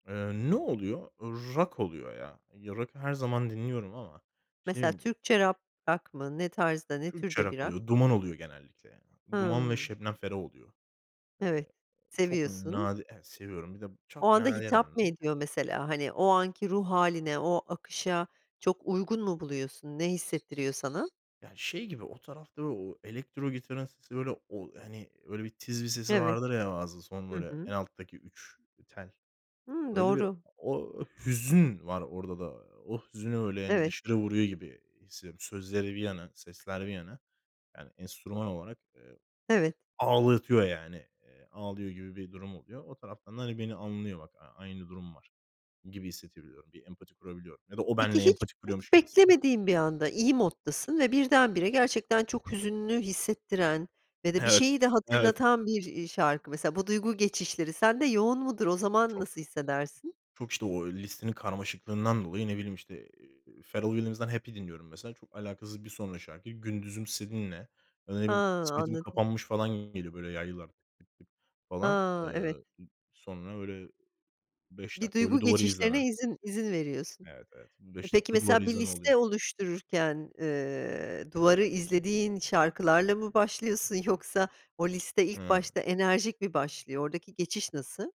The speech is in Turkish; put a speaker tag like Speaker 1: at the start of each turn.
Speaker 1: Iıı, ne oluyor? Iıı, rock oluyor ya. Ya, rock'ı her zaman dinliyorum ama işte
Speaker 2: Mesela
Speaker 1: dediğim gibi
Speaker 2: Türkçe rap rock mı? Ne tarzda ne
Speaker 1: Türkçe
Speaker 2: türde bi
Speaker 1: rock
Speaker 2: rock?
Speaker 1: oluyor, Duman oluyor genellikle ya. Duman ve
Speaker 2: Hımm.
Speaker 1: Şebnem Ferah oluyor.
Speaker 2: Evet,
Speaker 1: Iıı, çok
Speaker 2: seviyorsun.
Speaker 1: nadir Evet, seviyorum. Bir de
Speaker 2: O
Speaker 1: çok
Speaker 2: anda
Speaker 1: nadiren
Speaker 2: hitap mı
Speaker 1: hani
Speaker 2: ediyor mesela hani? O anki ruh hâline, o akışa çok uygun mu buluyorsun ne hissettiriyor sana?
Speaker 1: Ya şey gibi, o tarafta o elektro gitarın sesi, böyle, o hani öyle bir tiz bir sesi
Speaker 2: Evet.
Speaker 1: vardır ya, bazen son
Speaker 2: Hı
Speaker 1: böyle en
Speaker 2: hı.
Speaker 1: alttaki 3 tel.
Speaker 2: Hıı,
Speaker 1: Öyle bir
Speaker 2: doğru.
Speaker 1: o hüzün var orada da. O hüzünü öyle, hani,
Speaker 2: Evet.
Speaker 1: dışarı vuruyor gibi hissediyorum. Sözleri bir yana, sesler bir yana. Yani enstrüman olarak, ııı,
Speaker 2: Evet.
Speaker 1: ağlatıyor yani. Iıı, ağlıyor gibi bir durum oluyor. O taraftan da hani, beni anlıyor, bak aynı durum var gibi hissedebiliyorum. Bir empati kurabiliyorum ya da o
Speaker 2: Peki
Speaker 1: benle
Speaker 2: hiç
Speaker 1: empati
Speaker 2: hiç
Speaker 1: kuruyormuş gibi hissediyorum.
Speaker 2: beklemediğin bir anda iyi moddasın ve birdenbire gerçekten çok hüzünlü hissettiren ve de bir
Speaker 1: Evet.
Speaker 2: şeyi de
Speaker 1: Evet.
Speaker 2: hatırlatan bir, iii, şarkı mesela. Bu duygu geçişleri sende yoğun mudur, o zaman
Speaker 1: Çok.
Speaker 2: nasıl hissedersin?
Speaker 1: Çok, işte, o listenin karmaşıklığından dolayı ne bileyim, i i işte, Pharrell Williams'dan Happy dinliyorum mesela. Çok alakasız bir sonraki şarkı, Gündüzüm Seninle ya da ne
Speaker 2: Ha,
Speaker 1: bileyim, kısmetim
Speaker 2: anladım.
Speaker 1: kapanmış falan gibi geliyor, böyle yaylılar [unintelligible] falan.
Speaker 2: Ha, evet.
Speaker 1: Iıı, sonra öyle 5
Speaker 2: Bir
Speaker 1: dakika
Speaker 2: duygu
Speaker 1: öyle duvarı
Speaker 2: geçişlerine
Speaker 1: izleme.
Speaker 2: izin izin veriyorsun.
Speaker 1: Evet, evet. Bu
Speaker 2: E,
Speaker 1: 5
Speaker 2: peki
Speaker 1: dakika duvarı
Speaker 2: mesela bir
Speaker 1: izleme oluyor.
Speaker 2: liste oluştururken, ııı, duvarı izlediğin şarkılarla mı başlıyorsun? Yoksa o liste ilk
Speaker 1: Hıı.
Speaker 2: başta enerjik mi başlıyor? Oradaki geçiş nasıl?